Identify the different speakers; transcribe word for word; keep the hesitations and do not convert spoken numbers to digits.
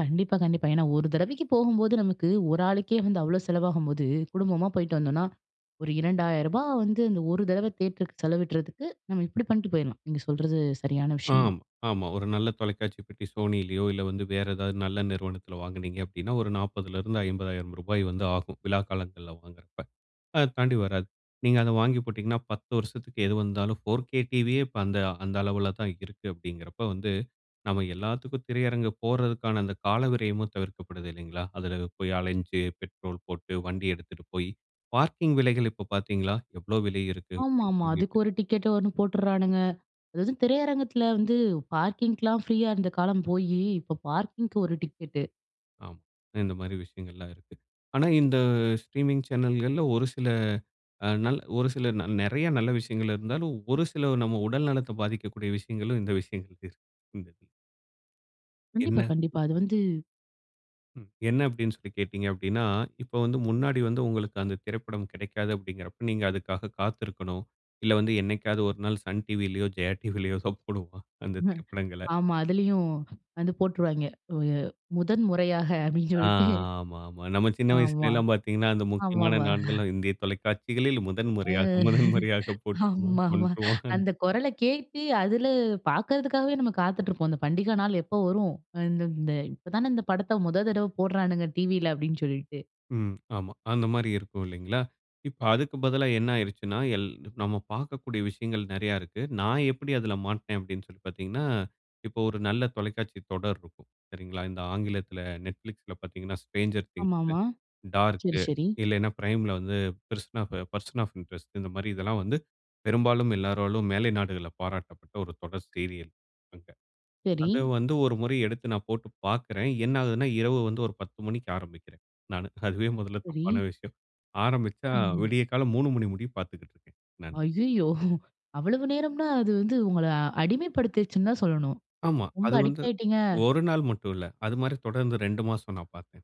Speaker 1: கண்டிப்பா, கண்டிப்பா. ஏன்னா ஒரு தடவைக்கு போகும்போது நமக்கு ஒரு ஆளுக்கே வந்து அவ்ளோ செலவாகும்போது குடும்பமா போயிட்டு வந்தோம்னா ஒரு இரண்டாயிரம் ரூபா வந்து அந்த ஒரு தடவ தியேட்டருக்கு செலவிடுறதுக்கு நம்ம இப்படி பண்ணிட்டு போயிடலாம். நீங்க சொல்வது சரியான விஷயம்.
Speaker 2: ஆம். ஆமா. ஒரு நல்ல தொலைக்காட்சி பெட்டி Sonyலயோ இல்ல, வந்து வேறு ஏதாவது நல்ல நிறுவனத்தில வாங்கினீங்க அப்பிடின்னா ஒரு நாப்பதுலருந்து, ஐம்பதாயிரம் ரூபாய் வந்து ஆகும். விழா காலங்கள்ல வாங்கிறப்ப அதை தாண்டி வராது. நீங்க அதை வாங்கி போட்டீங்கன்னா பத்து வருஷத்துக்கு எது வந்தாலும் 4கே டிவியே இப்ப அந்த அந்த அளவுல தான் இருக்கு. அப்படிங்கிறப்ப வந்து நம்ம எல்லாத்துக்கும் திரையரங்கு போடுறதுக்கான அந்த கால விரயமும் தவிர்க்கப்படுது இல்லங்களா, அதில போய் அலைஞ்சு, பெட்ரோல் போட்டு வண்டி எடுத்துகிட்டு போய் பார்க்கிங் விலைகள் இப்போ பாத்தீங்களா எவ்ளோ விலை இருக்கு
Speaker 1: ஆமா,
Speaker 2: அப்பிடின்னு
Speaker 1: ஆமா. அதுக்கு
Speaker 2: சொல்லிட்டு?
Speaker 1: ஒரு டிக்கெட் ஒண்ணு போடுறானுங்க. அது வந்து திரையரங்கத்தில வந்து பார்க்கிங்கலாம் ஃப்ரீயா இருந்த காலம் போய் இப்போ பார்க்கிங்க்கு ஒரு டிக்கெட்டு.
Speaker 2: ஆமா. இந்த மாதிரி விஷயங்கள்லாம் இருக்கு. ஆனா, இந்த ஸ்ட்ரீமிங் சேனல்கள்ல ஒரு சில, ஒரு சில நல் நெறைய நல்ல விஷயங்கள் இருந்தாலும், ஒரு சில நம் உடல் நலத்தை பாதிக்கக்கூடிய விஷயங்களும் இந்த விஷயங்கள் இருக்குது இந்த இதுல.
Speaker 1: கண்டிப்பா,
Speaker 2: என்ன?
Speaker 1: கண்டிப்பா. அது வந்து
Speaker 2: ம். என்ன அப்படின்னு சொல்லி கேட்டீங்க அப்படின்னா, இப்ப வந்து முன்னாடி வந்து உங்களுக்கு அந்த திரைப்படம் கிடைக்காது, அப்படிங்குறப்ப நீங்க அதுக்காக காத்திருக்கணும். இல்ல, வந்து என்னைக்காவது ஒரு நாள் சன்டிவிலையோ, ஜெயா டிவிலையோ போடுவோம். அந்த
Speaker 1: ம்
Speaker 2: திரைப்படங்கல.
Speaker 1: ஆமா. அதிலயும் வந்து போட்டுருவாய்ங்க. முதன் முறையாக அப்படின்னு
Speaker 2: ஆ
Speaker 1: சொல்லிட்டு
Speaker 2: ஆமா, ஆமா. நம்ம சின்ன வயசுல
Speaker 1: ஆமா,
Speaker 2: எல்லாம் பாத்தீங்கன்னா அந்த முக்கியமான
Speaker 1: ஆமாமா.
Speaker 2: நாட்கள் இந்திய தொலைக்காட்சிகளில் முதன் முறையாக,
Speaker 1: ம்
Speaker 2: முதன் முறையாக போட்டுவான்.
Speaker 1: ஆமா, ஆமா.
Speaker 2: [unintelligible]
Speaker 1: அந்த குரல கேட்டு அதில பாக்குறதுக்காகவே நம்ம காத்துக்கொண்டு இருப்போம். இந்த பண்டிகை நாள் எப்போ வரும். இந் இந்த இப்போ தானே இந்த படத்தை முதல் தடவை போடுறான்ங்க டிவி அப்படின்னு சொல்லிட்டு.
Speaker 2: ம். ஆமா. அந்த மாரி இருக்கும் இல்லங்களா. இப்போ அதுக்கு பதிலா என்ன ஆகிடுச்சின்னா, எல் நாம பாக்கக்கூடிய விஷயங்கள் நெறைய இருக்கு. நான் எப்படி அதில் மாட்னேன் அப்படின்னு சொல்லி பாத்தீங்கன்னா, இப்போ ஒரு நல்ல தொலைக்காட்சி தொடர் இருக்கும். சரிங்களா. இந்த ஆங்கிலத்தில Netflixல பாத்தீங்கன்னா ஸ்ட்ரேஞ்சர்
Speaker 1: ஆமா,
Speaker 2: திங்ஸ்,
Speaker 1: ஆமா.
Speaker 2: டார்க்
Speaker 1: சரி, சரி.
Speaker 2: இல்லன்னா, Primeல வந்து பெர்சன் பெர்சன் ஆஃப் இன்ட்ரெஸ்ட் இந்த மாதிரி இதெல்லாம் வந்து பெரும்பாலும் எல்லாராலும் மேலை நாடுகள்ல பாராட்டப்பட்ட ஒரு தொடர் சீரியல் அங்க.
Speaker 1: சரி.
Speaker 2: அத வந்து ஒரு முறை எடுத்து நான் போட்டு பாக்குறேன். என்ன ஆகுதுன்னா, இரவு வந்து ஒரு பத்து மணிக்கு ஆரமிக்குறேன் நானு. அதுவே மொதல
Speaker 1: சரி.
Speaker 2: தப்பான விஷயம். ஆரமிச்சா
Speaker 1: ம்.
Speaker 2: விடிய காலை மூணு மணி முடிய பாத்துக்கிட்டு இருக்கேன் நானு.
Speaker 1: அய்யயோ! அவ்வளவு நேரம்ன்னா, அது வந்து உங்கள அடிமைப்படுத்திச்சுன்னு தான் சொல்லணும்.
Speaker 2: ஆமா.
Speaker 1: ரொம்ப
Speaker 2: அது வந்து
Speaker 1: அடிக்ட் ஆகிட்டீங்க.
Speaker 2: ஒரு நாள் மட்டும் இல்ல. அது மாதிரி தொடர்ந்து ரெண்டு மாசம் நான் பார்த்தேன்.